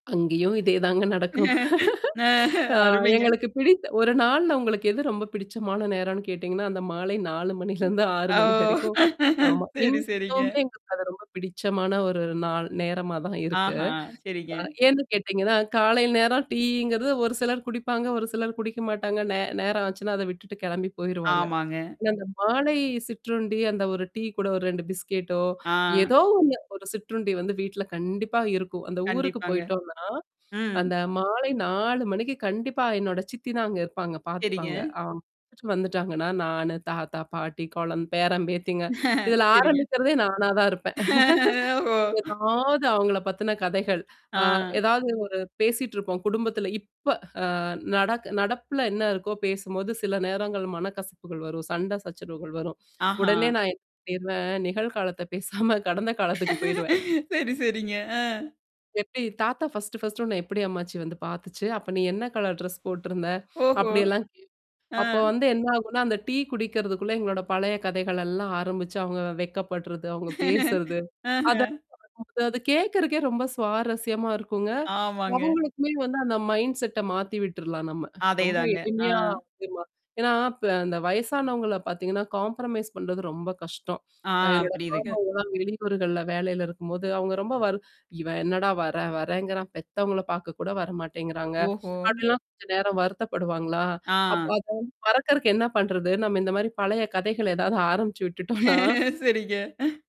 அங்கேயும் இதேதாங்க நடக்கும். ஹ ஆ அருமைங்க. எங்களுக்குப் பிடித் ஒரு நாள்ள உங்களுக்கு எது ரொம்பப் பிடித்தமான நேரம் கேட்டிங்கன்னா, அந்த மாலை 4 மணியிலிருந்து 6 ஓ! மணி வரைக்கும். ஆமா. சேரி, இன்னகு சேரிங்க. [unintelligible] எங்களுக்கு அது ரொம்பப் பிடித்தமான ஒரு நாள் நேரமாகத் தான் இருக்கு. ஆஹ அ சேரிங்க. ஏன்னு கேட்டீங்கனா, காலை நேரம் டீங்குறது ஒரு சிலர் குடிப்பாங்க. ஒரு சிலர் குடிக்க மாட்டாங்க. நே நேரம் ஆச்சுனா, அதை விட்டுவிட்டுப் கிளம்பிப் போய்ருவாங்க. ஆமாங்க. ஆனா அந்த மாலை சிற்றுண்டி, அந்த ஒரு டீ கூட ஒரு பிஸ்கேட்டோ ஆ. ஏதோ ஒண்ணு ஒரு சிற்றுண்டி வந்து வீட்டில் கண்டிப்பா இருக்கும். அந்த ஊருக்குப் கண்டிப்பாங்க. போய்ட்டோம்ன்னா, ம். அந்த மாலை 4 மணிக்கு கண்டிப்பா என்னுடைய சித்தி தான் அங்கு இருப்பாங்க, சேரிங்க. பார்த்துப்பாங்க. [unintelligible] முடுச்சு வந்துவிட்டாங்கனா நானு, தாத்தா, பாட்டி, குழந் பேரன் பேத்திகள். இதில சேரிங்க. ஆரம்பிக்கிறதே நானா தான் இருப்பேன். ஓஹோ! ஏதாவது அவங்களைப் பத்தின கதைகள், அ ஆ. ஏதாவது ஒரு பேசிட்டுருப்போம். குடும்பத்தில் இப்ப அ நடக் நடப்பில்ல என்ன இருக்தோ பேசும்பொழுது சில நேரங்கள் மனக்கசப்புகள் வரும், சண்டை சச்சரவுகள் வரும். ஆஹா. உடனே நான் என்ன பண்ணிடுவேன் நிகழ் காலத்தைப் பேசாம கடந்த காலத்திற்குப் போய்விடுவேன். சரி, சரிங்க. ஆ. எப்படி தாத்தா 1 1டு உன்னை எப்படி அம்மாச்சி வந்து பார்த்துச்சு? அப்ப நீ என்ன கலர் டிரெஸ் போட்டிருந்த? ஓஹோ! அப்படி எல்லாம் கே ஆ. அப்போ வந்து என்ன ஆகும்னா, அந்த டீ குடிக்குறதுக்குள்ள எங்களோடு பழைய கதைகள் எல்லாம் ஆரம்பிச்சு அவங்க வெட்கப்படுறது, அவங்க பேசுவது. அதை. ஆஹ. அது கேக்குறகே ரொம்ப சுவாரசியமா இருக்குங்க. ஆமாங்க. அவுங்களுக்குமே வந்து அந்த மைண்ட்செட்டா மாத்தி விட்ற்றலாம் நம்ம. ரொம்ப அதேதாங்க. ஆ. எளிமையா ஆமா. ஏன்னா இப் அந்த வயசானவங்களை பார்த்தீங்கனா, காம்ப்ரமைஸ் பண்ணுறது ரொம்பக் கஷ்டம். ஆ. அ என்னுடைய புரியுதுங்க. மாமா எல்லாம் வெளியூர்கள்ல வேலையில இருக்கும்பொழுது அவங்க ரொம்ப வைர் இவ என்னடா வறேன் வறேகிறான்கிறான், பெத்தவங்களைப் பார்க்கக் கூட வர மாட்டேன்கிறாங்க ஓஹோ! அப்படிலாம் கொஞ்சம் நேரம் வருத்தப்படுவார்களா? அப் ஆ. அதை வந்து மறக்குறக்கு என்ன பண்ணுறது? நம்ம இந்த மாதிரி பழைய கதைகளை ஏதாவது ஆரம்பிச்சு விட்டுவிட்டோம்ன்ன சரிங்க.